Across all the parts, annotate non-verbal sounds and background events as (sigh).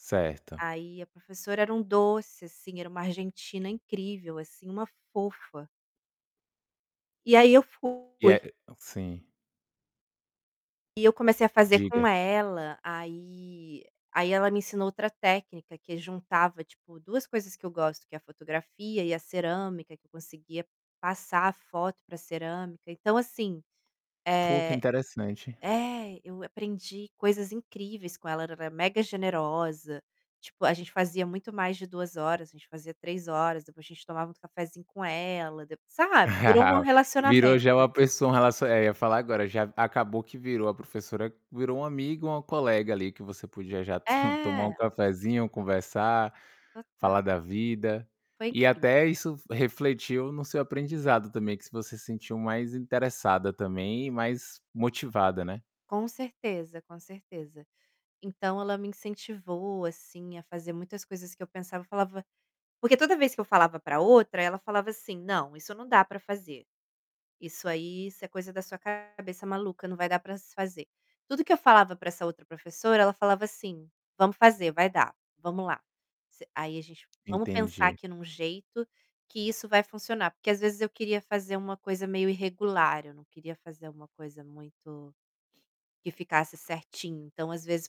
Certo. Aí a professora era um doce, assim, era uma argentina incrível, assim, uma fofa. E aí eu E fui. é sim. E eu comecei a fazer Diga. com ela, aí aí ela me ensinou outra técnica que juntava tipo 2 coisas que eu gosto que é a fotografia e a cerâmica, que eu conseguia passar a foto pra cerâmica. Então assim, Pô, que eh interessante. é, eu aprendi coisas incríveis com ela, ela era mega generosa, tipo, a gente fazia muito mais de 2 horas, a gente fazia 3 horas, depois a gente tomava um cafezinho com ela, dep sabe. Virou (chuckles) Virou relacionamento, já uma assim. pessoa, um relaci aí eu falar agora já acabou que virou a professora virou um amigo ou um colega ali que você podia já to tomar um É. cafezinho, conversar, falar Total. da vida. Foi E incrível. até isso re refletiu no seu aprendizado também que se você sentiu mais interessada também e mais motivada, né. Com certeza, com certeza. Então, ela me incentivou assim a fazer muitas coisas que eu pensava, eu falava porque toda vez que eu falava pra outra ela falava assim, "Não, isso não dá pra fazer, isso aí, isso é coisa da sua cabeça maluca, não vai dar para se fazer". Tudo que eu falava pra essa outra professora ela falava assim, "Vamos fazer, vai dar, vamos lá, você", aí a gente, vamos pensar Entendi. aqui em um jeito que isso vai funcionar, porque às vezes eu queria fazer uma coisa meio irregular, eu não queria fazer uma coisa muito, que ficasse certinho então às vezes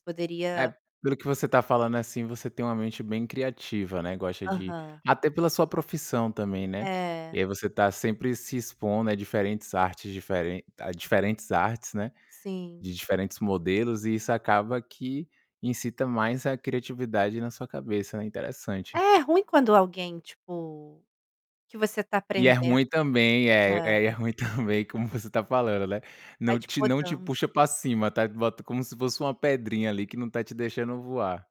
É, poderia pelo que você tá falando, assim, você tem uma mente bem criativa, né, gosta de Aham. até pela sua profissão também, né. E É. aí você tá sempre se expondo a diferentes artes diferentes a diferentes artes, né, Sim. de diferentes modelos e isso acaba que incita mais a criatividade na sua cabeça, né, interessante. É ruim quando alguém tipo que você tá E é ruim aprendendo, também, é, é. é e é ruim também como você tá falando, né, Vai não te te não te podando. puxa pra cima, tá bota como se fosse uma pedrinha ali que não tá te deixando voar.